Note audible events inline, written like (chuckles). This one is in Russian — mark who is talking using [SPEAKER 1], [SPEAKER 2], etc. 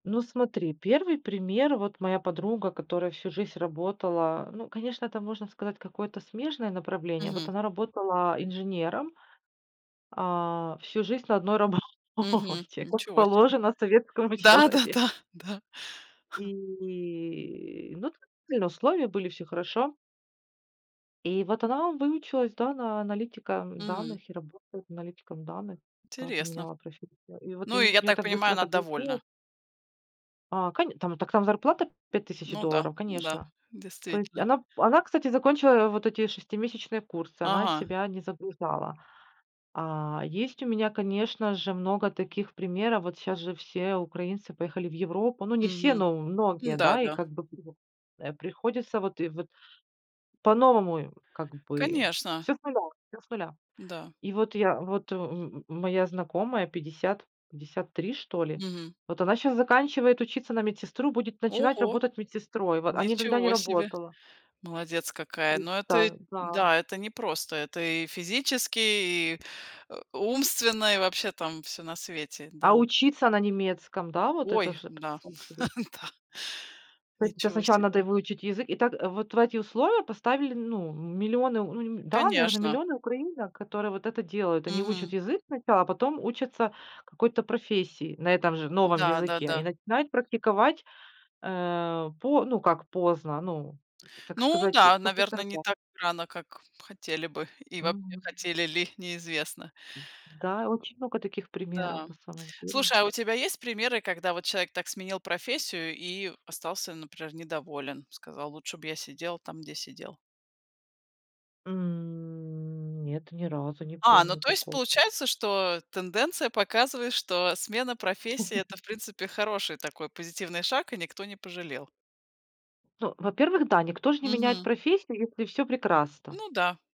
[SPEAKER 1] Ну, смотри, 1 пример: вот моя подруга, которая всю жизнь работала. Ну, конечно, это, можно сказать, какое-то смежное направление. Вот
[SPEAKER 2] Мгм.
[SPEAKER 1] она работала инженером, а, всю жизнь на 1
[SPEAKER 2] Мгм.
[SPEAKER 1] работе, как
[SPEAKER 2] Ничего себе.
[SPEAKER 1] положено советскому человеку.
[SPEAKER 2] Да-да-да! Да. Ха.
[SPEAKER 1] И ну, такие условия были, всё хорошо. И вот она выучилась, да, на аналитика
[SPEAKER 2] М.
[SPEAKER 1] данных, и работает аналитиком данных. Да,
[SPEAKER 2] Интересно.
[SPEAKER 1] поменяла профессию, и вот у
[SPEAKER 2] Ну и, я
[SPEAKER 1] нее
[SPEAKER 2] так
[SPEAKER 1] так
[SPEAKER 2] понимаю,
[SPEAKER 1] быстро
[SPEAKER 2] она
[SPEAKER 1] это был
[SPEAKER 2] довольна.
[SPEAKER 1] получилось. А, коне так там зарплата пять тысяч
[SPEAKER 2] Ну да,
[SPEAKER 1] долларов,
[SPEAKER 2] да,
[SPEAKER 1] конечно. То есть
[SPEAKER 2] действительно.
[SPEAKER 1] она она, кстати, закончила вот эти шестимесячные курсы, она
[SPEAKER 2] Ага.
[SPEAKER 1] себя не загружала. А, есть у меня, конечно же, много таких примеров. Вот щас же все украинцы поехали в Европу. Ну, не все,
[SPEAKER 2] Мгм.
[SPEAKER 1] но многие,
[SPEAKER 2] Н-да,
[SPEAKER 1] да. И
[SPEAKER 2] да.
[SPEAKER 1] как бы, (unintelligible) э, приходится, вот и вот по-новому, и, как бы
[SPEAKER 2] Конечно.
[SPEAKER 1] всё с нуля, всё с нуля.
[SPEAKER 2] Да.
[SPEAKER 1] И вот я вот, м, моя знакомая 50 53 что ли,
[SPEAKER 2] Мгм.
[SPEAKER 1] вот она щас заканчивает учиться на медсестру, будет начинать
[SPEAKER 2] Ого!
[SPEAKER 1] работать медсестрой, во а никогда не
[SPEAKER 2] Ничего себе!
[SPEAKER 1] работала.
[SPEAKER 2] Молодец какая. Но это и
[SPEAKER 1] Представь. Да.
[SPEAKER 2] да, это непросто. Это и физически, и у умственно, и вообще там всё на свете, да.
[SPEAKER 1] А учиться на немецком, да, вот это
[SPEAKER 2] Ой,
[SPEAKER 1] же-
[SPEAKER 2] да.
[SPEAKER 1] представь себе.
[SPEAKER 2] (chuckles) Да.
[SPEAKER 1] То есть это
[SPEAKER 2] Ничего
[SPEAKER 1] сначала надо и
[SPEAKER 2] себе.
[SPEAKER 1] выучить язык. И так вот в эти условия поставили, ну, миллионы, ну не да, наверно,
[SPEAKER 2] Конечно.
[SPEAKER 1] миллионы украинок, которые вот это делают. Они учат
[SPEAKER 2] Мгм.
[SPEAKER 1] язык сначала, потом учатся какой-то профессии, на этом же, новом
[SPEAKER 2] Да, да,
[SPEAKER 1] языке. И
[SPEAKER 2] да.
[SPEAKER 1] начинают практиковать, э по ну как поздно, ну, так
[SPEAKER 2] Ну
[SPEAKER 1] сказать,
[SPEAKER 2] да,
[SPEAKER 1] после
[SPEAKER 2] наверное, не
[SPEAKER 1] 40.
[SPEAKER 2] так рано, как хотели бы, и вообще,
[SPEAKER 1] Мгм.
[SPEAKER 2] хотели ли- неизвестно.
[SPEAKER 1] Да, очень много таких примеров,
[SPEAKER 2] Да.
[SPEAKER 1] на самом деле.
[SPEAKER 2] Слушай, а у тебя есть примеры, когда вот человек так сменил профессию и остался, например, недоволен? Сказал: "Лучше бы я сидел там, где сидел"?
[SPEAKER 1] М, нет, ни разу, не
[SPEAKER 2] А, ну
[SPEAKER 1] помню
[SPEAKER 2] то есть,
[SPEAKER 1] такого.
[SPEAKER 2] получается, что тенденция показывает, что смена профессии- это, в
[SPEAKER 1] (chuckles)
[SPEAKER 2] принципе, хороший такой позитивный шаг, и никто не пожалел.
[SPEAKER 1] Ну, во-первых, да, никто ж не меняет
[SPEAKER 2] Мгм.
[SPEAKER 1] профессию, если всё прекрасно.
[SPEAKER 2] Ну да.